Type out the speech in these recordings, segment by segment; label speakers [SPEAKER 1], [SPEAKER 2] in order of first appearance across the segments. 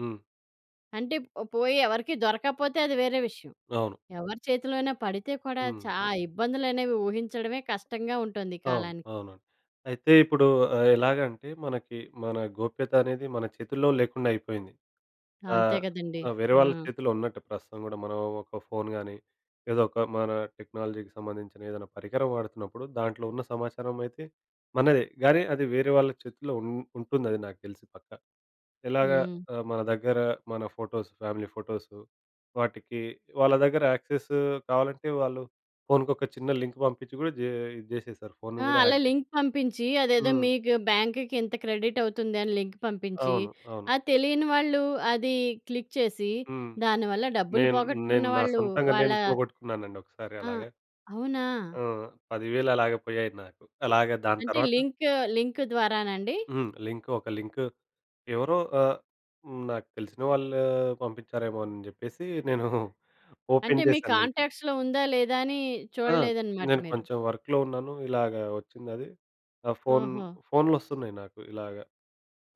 [SPEAKER 1] హ్మ్.
[SPEAKER 2] అంటే ప్ పోయి ఎవరికీ దొరకాపోతే అది వేరే విషయం.
[SPEAKER 1] అవును.
[SPEAKER 2] ఎవరి చేతిలో అయిన పడితే కూడా
[SPEAKER 1] హ్మ్.
[SPEAKER 2] చా ఇబ్బందులనేవి ఊహించడమే కష్టంగా ఉంటుంది ఈ
[SPEAKER 1] అవును.
[SPEAKER 2] కాలానికి.
[SPEAKER 1] అవునండి. అయితే ఇప్పుడు ఆహ్, ఎలాగంటే మనకి మన గోప్యతనేది మన చేతుల్లో లేకుండా అయిపోయింది.
[SPEAKER 2] ఆ! అంతే
[SPEAKER 1] ఆహ్,
[SPEAKER 2] కదండీ!
[SPEAKER 1] ఆ! వేరే
[SPEAKER 2] ఆ!
[SPEAKER 1] వాళ్ళ చేతిలో ఉన్నట్టు ప్రస్తుతం గూడా మనం ఒక ఫోన్ గాని ఏదోక మన టెక్నాలజీకి సంబంధించిన ఏదన్నా పరికరం వాడుతున్నప్పుడు దాంట్లో ఉన్న సమాచారం అయితే మనదే. గానీ అది వేరే వాళ్ళ చేతిలో ఉం ఉంటుందది నాకు తెలిసి పక్కా. ఇలాగా
[SPEAKER 2] హ్మ్.
[SPEAKER 1] ఆహ్, మన దగ్గర మన ఫోటోస్ ఫ్యామిలీ ఫోటోసు వాటికి వాళ్ళ దగ్గర యాక్సెస్సు కావాలంటే వాళ్ళు ఫోన్‌కొక చిన్న లింక్ పంపించి గూడా జే ఇది జేసేసారు. ఫోన్‌ని
[SPEAKER 2] ఆ!
[SPEAKER 1] గూడా
[SPEAKER 2] అలా
[SPEAKER 1] హ్యాక్ జేసె
[SPEAKER 2] లింక్ పంపించి అదేదో
[SPEAKER 1] హ్మ్.
[SPEAKER 2] మీకు బ్యాంకుకి ఇంత క్రెడిట్ అవుతుందని లింక్ పంపించి,
[SPEAKER 1] అవును, అవును.
[SPEAKER 2] ఆ తెలియని వాళ్ళు అది క్లిక్ చేసి,
[SPEAKER 1] హ్మ్.
[SPEAKER 2] దాని వల్ల డబ్బులు
[SPEAKER 1] నేన్ నేను.
[SPEAKER 2] పోగొట్టుకున్న
[SPEAKER 1] నా
[SPEAKER 2] వాళ్ళు
[SPEAKER 1] సొంతంగా
[SPEAKER 2] వాళ్ళ
[SPEAKER 1] నేను పోగొట్టుకున్నానండి. ఒకసారి
[SPEAKER 2] ఆ!
[SPEAKER 1] అలాగా.
[SPEAKER 2] అవునా!
[SPEAKER 1] ఆ! 10000 అలాగ పోయాయి నాకు. అలాగ దాని
[SPEAKER 2] అంటే
[SPEAKER 1] తర్వాత
[SPEAKER 2] లింకూ లింక్ ద్వారాన అండి?
[SPEAKER 1] హ్మ్. లింకు ఒక లింకు ఎవరో ఆహ్, హ్మ్. నాకు తెలిసిన వాళ్ళే పంపించారేమో అని చెప్పేసి నేను
[SPEAKER 2] అంటే
[SPEAKER 1] ఓపెన్
[SPEAKER 2] మీ
[SPEAKER 1] చేశాను లింక్‌ని.
[SPEAKER 2] కాంటాక్ట్స్‌లో ఉందా? లేదా? అని
[SPEAKER 1] ఆ!
[SPEAKER 2] చూడలేదనమాట
[SPEAKER 1] నేను
[SPEAKER 2] మీరు?
[SPEAKER 1] కొంచెం వర్క్‌లో ఉన్నాను ఇలాగ వచ్చిందది. ఆ ఫోన్
[SPEAKER 2] ఓహో!
[SPEAKER 1] ఫోన్‌లొవస్తున్నాయి నాకు. ఇలాగ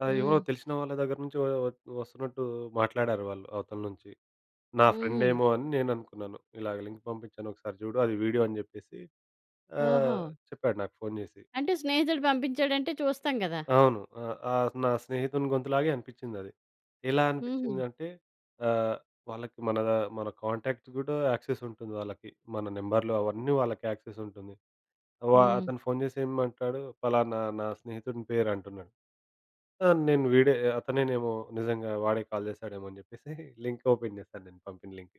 [SPEAKER 1] ఆ! ఎవరో
[SPEAKER 2] హ్మ్.
[SPEAKER 1] తెలిసిన వాళ్ళ దగ్గర నుంచి ఒ ఒ ఒస్తున్నట్టు మాట్లాడారు వాళ్ళు అవతల నుంచి. నా
[SPEAKER 2] హుహు.
[SPEAKER 1] ఫ్రెండేమో అని నేను అనుకున్నాను. ఇలాగ లింక్ పంపించాను ఒకసారి చూడు. అది వీడియో అని చెప్పేసి. ఆహ్,
[SPEAKER 2] ఓహో!
[SPEAKER 1] చెప్పాడు నాకు ఫోన్ చేసి.
[SPEAKER 2] అంటే స్నేహితుడు పంపించాడంటే చూస్తాం కదా!
[SPEAKER 1] అవును. ఆహ్, ఆ నా స్నేహితుని గొంతులాగే అనిపించిందది. ఎలా
[SPEAKER 2] హుహు.
[SPEAKER 1] అనిపించిందంటే ఆహ్, వాళ్ళకి మనదా మన కాంటాక్ట్స్ గూడా యాక్సెసుంటుంది వాళ్ళకి. మన నెంబరులు అవన్నీ వాళ్ళకి యాక్సెస్ ఉంటుంది. వా
[SPEAKER 2] హ్మ్.
[SPEAKER 1] అతను ఫోన్ చేసి ఏమంటాడు పలానా నా స్నేహితునిపేరు అంటున్నాడు. ఆహ్, నేను వీడే ఆహ్, అతనేనేమో నిజంగా వాడే కాల్ చేస్తాడేమో అని చెప్పేసి లింక్ ఓపెన్ చేశాను నేను. పంపిన లింక్.